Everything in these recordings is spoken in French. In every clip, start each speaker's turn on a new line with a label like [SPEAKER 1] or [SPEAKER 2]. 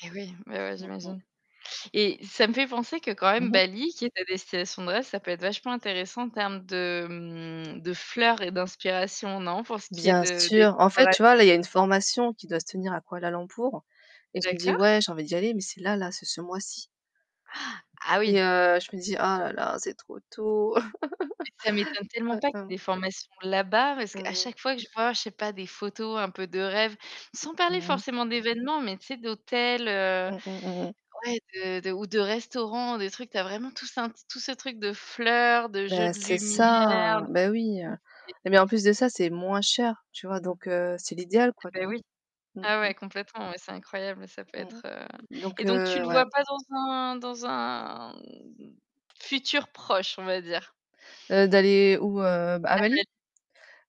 [SPEAKER 1] Eh oui, oui, oui,
[SPEAKER 2] Mmh, mmh.
[SPEAKER 1] j'imagine. Et ça me fait penser que quand
[SPEAKER 2] Mmh
[SPEAKER 1] même
[SPEAKER 2] mh.
[SPEAKER 1] Bali qui est ta destination de rêve, ça peut être vachement intéressant en termes de, hem, de fleurs et d'inspiration, non? Pour ce qui est
[SPEAKER 2] Bien
[SPEAKER 1] de des
[SPEAKER 2] sûr. En
[SPEAKER 1] décorations
[SPEAKER 2] fait, tu vois, là, il y a une
[SPEAKER 1] [unintelligible]
[SPEAKER 2] formation qui doit se tenir à Kuala Lumpur et je me dis:
[SPEAKER 1] D'accord.
[SPEAKER 2] «Ouais, j'ai envie d'y aller», mais c'est là, là, c'est ce mois-ci.
[SPEAKER 1] Ah
[SPEAKER 2] Et
[SPEAKER 1] oui.
[SPEAKER 2] heu, je me dis: «Oh là là c'est trop tôt».
[SPEAKER 1] Ça m'étonne tellement pas qu'il y ait
[SPEAKER 2] [unintelligible]
[SPEAKER 1] des formations là-bas, parce
[SPEAKER 2] Mmh
[SPEAKER 1] qu'à
[SPEAKER 2] mh.
[SPEAKER 1] chaque fois que je vois, je sais pas, des photos un peu de rêve, sans parler
[SPEAKER 2] Ouais
[SPEAKER 1] forcément d'événements, mais tu sais d'hôtels, heu
[SPEAKER 2] Mmh, mmh, mmh, mmh.
[SPEAKER 1] ouais, de de ou de restaurants, des trucs, tu as vraiment tout sim tout ce truc de fleurs, de jeux
[SPEAKER 2] Ben,
[SPEAKER 1] de
[SPEAKER 2] c'est ça,
[SPEAKER 1] lumière,
[SPEAKER 2] ben oui. Eh beh en plus de
[SPEAKER 1] [unintelligible]
[SPEAKER 2] ça, c'est moins cher, tu vois, donc heu, c'est l'idéal quoi, tu
[SPEAKER 1] Bah
[SPEAKER 2] vois?
[SPEAKER 1] oui.
[SPEAKER 2] Mmh,
[SPEAKER 1] Ah
[SPEAKER 2] mmh.
[SPEAKER 1] ouais, complètement, ouais, c'est incroyable, ça peut
[SPEAKER 2] Mmh.
[SPEAKER 1] être, heu
[SPEAKER 2] Donc,
[SPEAKER 1] et donc tu
[SPEAKER 2] heu,
[SPEAKER 1] le
[SPEAKER 2] ouais.
[SPEAKER 1] vois pas dans un dans un, mmh, futur proche, on va dire?
[SPEAKER 2] Heu, d'aller où, heu? À Bali?
[SPEAKER 1] [unintelligible]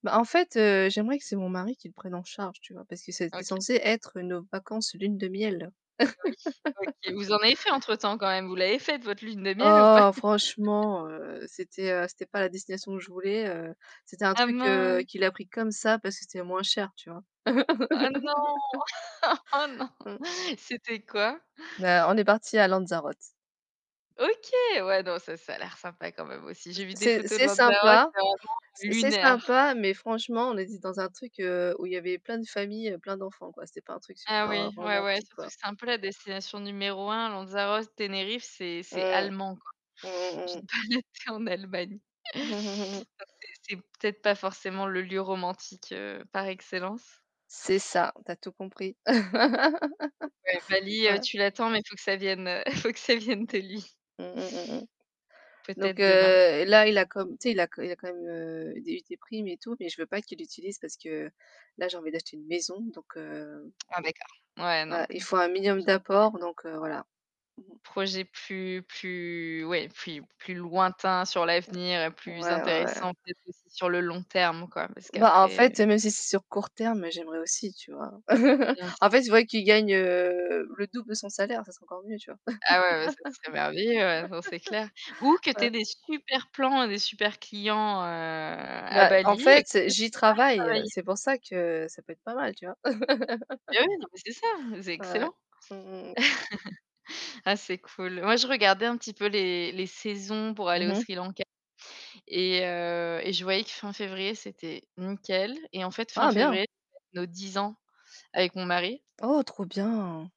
[SPEAKER 2] Bah, en fait, heu, j'aimerais que c'est mon mari qui le prenne en charge, tu vois? Parce que c'était
[SPEAKER 1] OK.
[SPEAKER 2] censé être nos vacances lune de miel.
[SPEAKER 1] Eh oui. OK. Vous en avez fait entre temps quand même? Vous l'avez faite votre lune de miel ou pas?
[SPEAKER 2] Oh, franchement, heu, c'était, heu c'était pas la destination que je voulais. Heu, c'était un
[SPEAKER 1] Ah,
[SPEAKER 2] truc, heu,
[SPEAKER 1] mince!
[SPEAKER 2] qu'il a pris comme ça parce que c'était moins cher.
[SPEAKER 1] Oh non! Oh, non!
[SPEAKER 2] Mmh.
[SPEAKER 1] C'était quoi?
[SPEAKER 2] Bah, on est partis à Lanzarote.
[SPEAKER 1] OK! Ouais donc ça ça a l'air sympa quand même aussi.
[SPEAKER 2] [unintelligible]
[SPEAKER 1] J'ai vu des
[SPEAKER 2] C'est
[SPEAKER 1] photos de
[SPEAKER 2] c'est
[SPEAKER 1] Lanzarote
[SPEAKER 2] sympa,
[SPEAKER 1] c'est vraiment
[SPEAKER 2] c'est
[SPEAKER 1] lunaire.
[SPEAKER 2] sympa, mais franchement on était dans un truc, heu, où il y avait de familles, plein d'enfants, quoi. C'était pas un truc
[SPEAKER 1] Ah
[SPEAKER 2] super
[SPEAKER 1] oui, ouais, ouais,
[SPEAKER 2] romantique,
[SPEAKER 1] surtout que
[SPEAKER 2] quoi.
[SPEAKER 1] c'est un peu la destination numéro 1, Lanzarote, Tenerife, c'est c'est
[SPEAKER 2] Mmh.
[SPEAKER 1] allemand, quoi.
[SPEAKER 2] Mmh mh,
[SPEAKER 1] Je
[SPEAKER 2] mmh.
[SPEAKER 1] n'ai pas été en Allemagne.
[SPEAKER 2] Mmh mh, mmh.
[SPEAKER 1] Enfin, c'est c'est peut-être pas forcément le lieu romantique, heu, par excellence.
[SPEAKER 2] C'est ça, tu as tout compris.
[SPEAKER 1] Oh ouais, Bali, heu,
[SPEAKER 2] Ouais.
[SPEAKER 1] tu l'attends, mais faut que ça vienne, heu, il faut que ça vienne
[SPEAKER 2] Mmh,
[SPEAKER 1] de lui.
[SPEAKER 2] mmh, mmh, mmh. Donc
[SPEAKER 1] Peut-être demain.
[SPEAKER 2] heu, là, il a comme tu sais, il a co il a quand même, heu, eu des des primes et tout, mais je veux pas qu'il l'utilise parce que là j'ai envie d'acheter une maison, donc heu
[SPEAKER 1] Ah d'accord. Ouais,
[SPEAKER 2] Voilà,
[SPEAKER 1] donc
[SPEAKER 2] il faut un minimum
[SPEAKER 1] [unintelligible]
[SPEAKER 2] d'apport, donc heu, voilà. Mmh mh.
[SPEAKER 1] Projet plus plus ouais, puis plus plus lointain sur l'avenir et plus
[SPEAKER 2] Ouais, ouais, ouais.
[SPEAKER 1] intéressant peut-être aussi sur le long terme quoi, parce
[SPEAKER 2] Bah, en
[SPEAKER 1] qu'après
[SPEAKER 2] fait, même si c'est sur court terme, j'aimerais aussi, tu vois.
[SPEAKER 1] Bien sûr.
[SPEAKER 2] En fait, J'aimerais qu'il gagne le double de son salaire, ça serait encore mieux, tu vois?
[SPEAKER 1] Ah ouais, ouais, ça serait merveilleux, ouais enfin, c'est clair. Ou que tu aies
[SPEAKER 2] Ouais.
[SPEAKER 1] des super plans et des super clients, heu, à
[SPEAKER 2] Bah, en
[SPEAKER 1] Bali et comme
[SPEAKER 2] fait,
[SPEAKER 1] ça tu
[SPEAKER 2] j'y
[SPEAKER 1] pars
[SPEAKER 2] travaille,
[SPEAKER 1] travailler.
[SPEAKER 2] c'est pour ça que ça peut être pas mal, tu vois?
[SPEAKER 1] Eh oui, non mais c'est ça, c'est
[SPEAKER 2] Ouais.
[SPEAKER 1] excellent.
[SPEAKER 2] Mmh, mmh, mmh.
[SPEAKER 1] Ah, c'est cool. Moi je regardais un petit peu les les saisons pour aller
[SPEAKER 2] Mmh
[SPEAKER 1] au
[SPEAKER 2] mh.
[SPEAKER 1] Sri Lanka et heu, et je voyais que fin février c'était nickel. Et en fait fin
[SPEAKER 2] Ah bien!
[SPEAKER 1] février, c'est nos 10 ans avec mon mari.
[SPEAKER 2] Oh, trop bien!